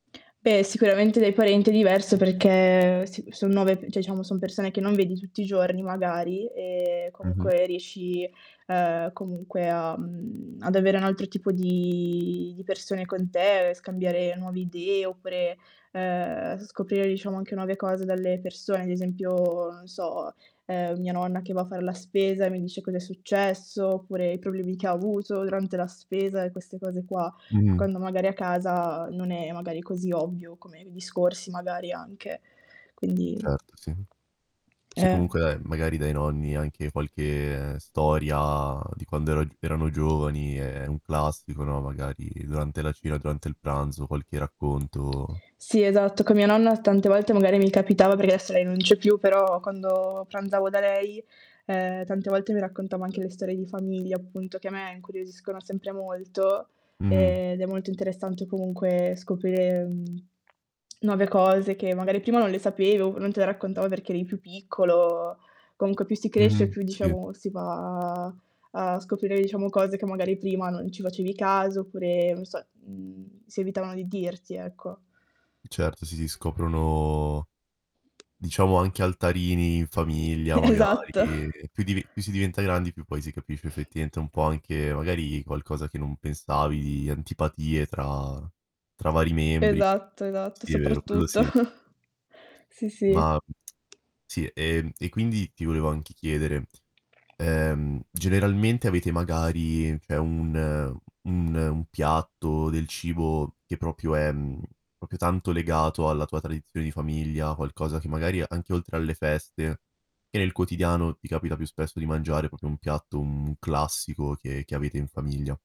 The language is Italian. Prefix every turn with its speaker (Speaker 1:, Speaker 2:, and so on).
Speaker 1: Beh, sicuramente dai parenti è diverso, perché s son nuove cioè diciamo son persone che non vedi tutti i giorni magari e
Speaker 2: Mh-mh.
Speaker 1: comunque riesci, ehm, comunque a, mhmm, ad avere un altro tipo di di persone con te, scambiare nuove idee oppure, ehm, scoprire, diciamo, anche nuove cose dalle persone, ad esempio, non so, ehm, mia nonna che va a far la spesa, e mi dice cosa è successo, oppure i problemi che avuto durante la spesa e queste cose qua,
Speaker 2: Mh-mh.
Speaker 1: quando magari a casa, non è magari così ovvio come discorsi magari anche. Quindi
Speaker 2: Certo sì. Sì,
Speaker 1: Eh.
Speaker 2: comunque dai, magari dai nonni anche qualche storia di quando ero erano giovani è un classico, no, magari durante la cena, durante il pranzo qualche racconto
Speaker 1: Sì, esatto, con mia nonna tante volte magari mi capitava, perché adesso lei non c'è più, però quando pranzavo da lei, ehm, tante volte mi raccontava anche le storie di famiglia appunto che a me incuriosiscono sempre molto,
Speaker 2: Mh-mh.
Speaker 1: ehm, ed è molto interessante comunque scoprire, mhmm nuove cose, che magari prima non le sapevo, non te le raccontava perché eri più piccolo. Comunque più si cresce
Speaker 2: Mh-mh.
Speaker 1: più,
Speaker 2: Sì.
Speaker 1: diciamo, si va a scoprire, diciamo, cose che magari prima non ci facevi caso oppure, non so, si evitavano di dirti ecco.
Speaker 2: E certo si si scoprono diciamo, anche altarini in famiglia magari,
Speaker 1: esatto.
Speaker 2: più di più si diventa grandi più poi si capisce effettivamente un po' anche magari, qualcosa che non pensavi, antipatie tra tra vari membri.
Speaker 1: Esatto, esatto,
Speaker 2: Sì è vero, quello
Speaker 1: soprattutto.
Speaker 2: sì.
Speaker 1: Sì, sì.
Speaker 2: Ma sì, ehm, e quindi ti volevo anche chiedere, ehm, generalmente avete magari cioè un un un piatto, del cibo che proprio è proprio tanto legato alla tua tradizione di famiglia, qualcosa che magari, anche oltre alle feste, che nel quotidiano ti capita più spesso di mangiare proprio un piatto, mhmm, classico che che avete in famiglia.